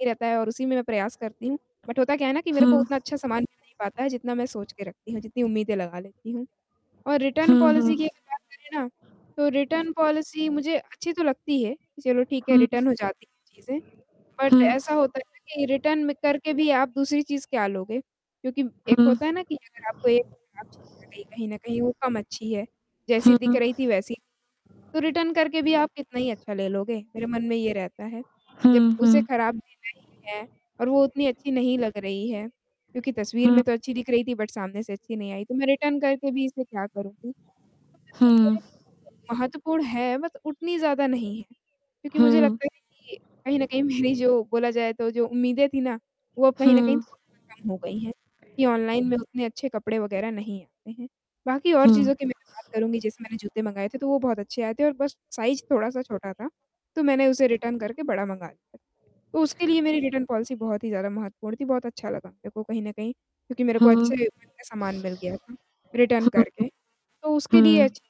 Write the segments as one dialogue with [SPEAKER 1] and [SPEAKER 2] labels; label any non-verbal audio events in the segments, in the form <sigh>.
[SPEAKER 1] ही रहता है और उसी में मैं प्रयास करती हूँ बट होता क्या है ना कि मेरे
[SPEAKER 2] हुँ।
[SPEAKER 1] को उतना अच्छा सामान मिल नहीं पाता है, जितना मैं सोच के रखती हूँ, जितनी उम्मीदें लगा लेती हूँ और रिटर्न
[SPEAKER 2] हुँ, हुँ।
[SPEAKER 1] पॉलिसी की अगर बात करें ना तो रिटर्न पॉलिसी मुझे अच्छी तो लगती है, चलो ठीक है,
[SPEAKER 2] हुँ।
[SPEAKER 1] रिटर्न हो जाती हैं चीज़ें। बट
[SPEAKER 2] हुँ।
[SPEAKER 1] ऐसा होता है ना कि रिटर्न करके भी आप दूसरी चीज़ क्या लोगे? क्योंकि एक
[SPEAKER 2] हुँ।
[SPEAKER 1] होता है ना कि अगर आपको एक आप <unintelligible> कहीं न कहीं वो कम अच्छी है, जैसी दिख
[SPEAKER 2] हुँ।
[SPEAKER 1] रही थी वैसी तो रिटर्न करके भी आप कितना ही अच्छा ले लोगे, मेरे मन में ये रहता है। जब
[SPEAKER 2] हुँ,
[SPEAKER 1] उसे
[SPEAKER 2] हुँ।
[SPEAKER 1] खराब देना ही है और वो उतनी अच्छी नहीं लग रही है, क्योंकि तस्वीर
[SPEAKER 2] हुँ।
[SPEAKER 1] में तो अच्छी दिख रही थी बट सामने से अच्छी नहीं आई, तो मैं रिटर्न करके भी इसमे क्या करूँगी? तो
[SPEAKER 2] हुँ।
[SPEAKER 1] मतलब मेरे लिए <unintelligible> महत्वपूर्ण है बट उतनी ज़्यादा नहीं है। क्योंकि मुझे
[SPEAKER 2] हुँ।
[SPEAKER 1] लगता है ना कि कहीं न कहीं मेरी जो बोला जाए तो जो उम्मीदें थी ना वो अब कहीं न कहीं
[SPEAKER 2] हुँ।
[SPEAKER 1] थोड़ी कम हो गई हैं कि ऑनलाइन में उतने अच्छे कपड़े वगैरह नहीं आते हैं। बाकी और
[SPEAKER 2] हुँ।
[SPEAKER 1] चीज़ों कि मैं बात करूँगी जैसे मैंने जूते मँगाए थे तो वो बहुत अच्छे आए थे और बस साइज़ थोड़ा-सा छोटा था, तो मैंने उसे रिटर्न करके बड़ा मँगा लिया। तो उसके लिए मेरी रिटर्न पॉलिसी बहुत ही ज़्यादा महत्वपूर्ण थी, बहुत अच्छा लगा मेरे को कहीं न कहीं क्योंकि मेरे को
[SPEAKER 2] हुँ। हुँ।
[SPEAKER 1] अच्छे रेट में सामान मिल गया था रिटर्न करके। तो उसके लिए
[SPEAKER 2] हुँ।
[SPEAKER 1] अच्छी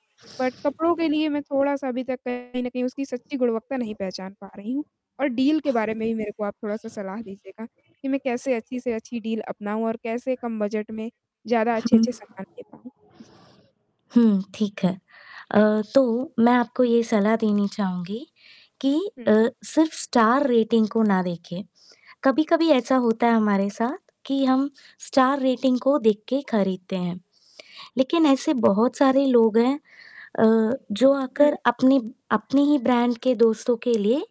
[SPEAKER 1] बट कपड़ों के लिए मैं थोड़ा-सा अभी तक कहीं न कहीं उसकी सच्ची गुणवत्ता नहीं पहचान पा रही हूँ और डील के बारे में ही मेरे को आप थोड़ा-सा सलाह दीजिएगा कि मैं कैसे अच्छी से अच्छी डील अपनाऊँ और कैसे कम बजट में ज़्यादा
[SPEAKER 2] हुँ।
[SPEAKER 1] अच्छे-अच्छे सामान ले पाऊँ? जी।
[SPEAKER 2] हुँ, ठीक है। अ, तो मैं आपको ये सलाह देनी चाहूँगी कि अ,
[SPEAKER 1] हुँ।
[SPEAKER 2] सिर्फ़ स्टार रेटिंग को ना देखें, कभी-कभी ऐसा होता है हमारे साथ कि हम स्टार रेटिंग को देख के खरीदते हैं। लेकिन ऐसे बहुत सारे लोग हैं अ, जो
[SPEAKER 1] हुँ।
[SPEAKER 2] आकर अपने अपने ही ब्रांड के दोस्तों के लिए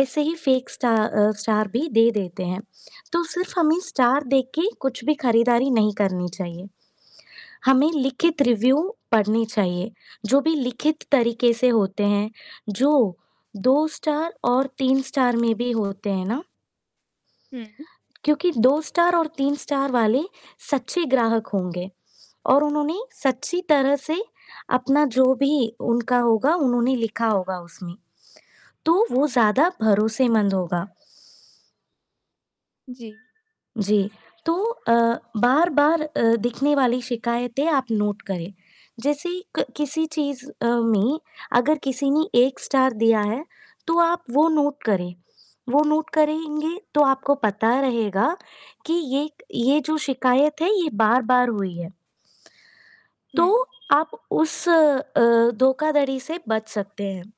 [SPEAKER 2] ऐसे ही फेक स्टा अ, स्टार भी दे देते हैं। तो सिर्फ़ हमें स्टार देख के कुछ भी खरीदारी नहीं करनी चाहिए। हमें लिखित
[SPEAKER 1] अच्छा।
[SPEAKER 2] रिव्यू पढ़ने चाहिए। जो भी लिखित तरीके से होते हैं, जो दो स्टार और तीन स्टार में भी होते हैं ना,
[SPEAKER 1] हुँ।
[SPEAKER 2] क्योंकि स्टार और तीन स्टार वाले सच्चे ग्राहक होंगे और उन्होंने सच्ची तरह से अपना जो भी उनका होगा उन्होंने लिखा होगा उसमें। तो वो ज़्यादा भरोसेमंद होगा।
[SPEAKER 1] जी।
[SPEAKER 2] जी, तो अ, बार-बार अ, दिखने वाली शिकायतें आप नोट करें। जैसे क किसी चीज़ अ, में अगर किसी ने 1 स्टार दिया है, तो आप वो नोट करें। वो नोट करेंगे तो आपको पता रहेगा कि ये ये जो शिकायत है ये बार-बार हुई है। तो
[SPEAKER 1] हुँ।
[SPEAKER 2] आप उस अ, धोखाधड़ी से बच सकते हैं।